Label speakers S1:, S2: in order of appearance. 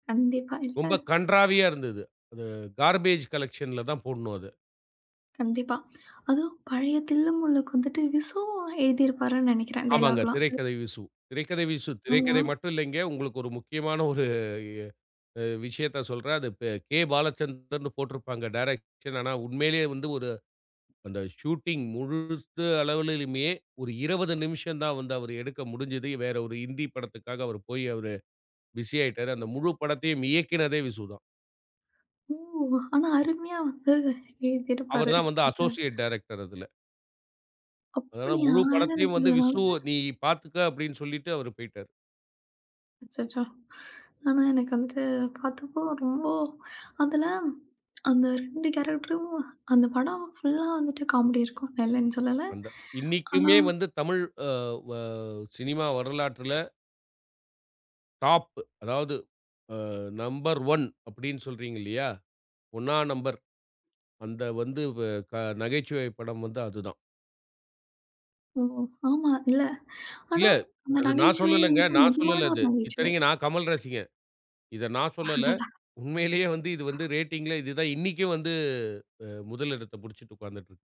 S1: கண்டிப்பா, இல்ல.
S2: ரொம்பக்
S1: அ
S2: கண்றாவியா இருந்தது. அது கார்பேஜ் காலெக்ஷன்ல தான் போடணும் அத.
S1: கண்டிப்பா. அதோ பழைய தில்லு முல்லுக்கு வந்துட்டு விசு எழுதியிருப்பார்னு நெனைக்கிறேன்
S2: ஆமாங்க.
S1: டயலாக்லாம். அப்டிதான்
S2: திரைக்கதை விசு. திரைக்கதை விசு.
S1: ஆமா.
S2: திரைக்கதை மட்டும் இல்லைங்க. உங்களுக்கு ஒரு முக்கியமான ஒரு அ விஷயத்தச் சொல்றேன். அது ப கே. பாலச்சந்தர்ன்னு போட்டிருப்பாங்க டிரெக்ஷன். ஆனா, உண்மையிலேயே வந்து ஒரு அந்த ஷூட்டிங் முழுசு அளவிலுமே ஒரு 20 நிமிஷம் தான் வந்து அவர் எடுக்க முடிஞ்சது. வேற ஒரு ஹிந்தி படத்துக்காக அவர் போய் அவரு பிஸி ஆயிட்டாரு. அந்த முழு படத்தையும் இயக்குனதே விசு தான்.
S1: ஓ! ஆனா, அருமையா வந்து
S2: அவர்
S1: எழுதியிருப்பாரு
S2: தான் வந்து
S1: அவரு.
S2: அஸோஸியேட் டைரக்டர் அதுல. அதனால
S1: அப்டியா!
S2: முழு
S1: ஆனா
S2: படத்தையும் வந்து,
S1: எனக்கிதுல நா
S2: விசு
S1: வந்து
S2: நீ பார்த்துக்க அப்டின்னு சொல்லிட்டு அவரு போயிட்டாரு.
S1: அச்சச்சோ! ஆனா, எனக்கு வந்து பார்த்தப்போ ரொம்போ அதுல அந்த 2 கேரக்டரும் அந்தப் படம் புல்லா வந்துட்டு காமெடி இருக்கும் நா இல்லன்னு சொல்லல.
S2: அந்த
S1: ஆனா
S2: இன்னைக்குமே வந்து தமிழ் ஆ வா சினிமா வரலாற்றுல டாப் அதாவது அ நம்பர் ஒன் அப்டீன்னு சொல்றீங்க இல்லையா? ஒண்ணா நம்பர். அந்த வந்து வ க நகைச்சுவை படம் வந்து அது தான்.
S1: ஓ! ஆமா இல்ல. ஆனா,
S2: இல்ல
S1: அந்த
S2: அது நான்
S1: நகைச்சுவை
S2: சொல்லலங்க.
S1: வந்துட்டு
S2: நான்
S1: நிஜமான
S2: சொல்லல
S1: ஒரு
S2: அது.
S1: நகைச்சுவை.
S2: இத்தனைக்கும் நான் கமல் ரசிகன். இத நான் சொல்லல.
S1: அடடா!
S2: உண்மையிலேயே வந்து இது வந்து ரேட்டிங்ல இது தான் இன்னைக்கும் வந்து அ முதல் எடத்த புடிச்சிட்டு உக்காந்துட்டு இருக்கு.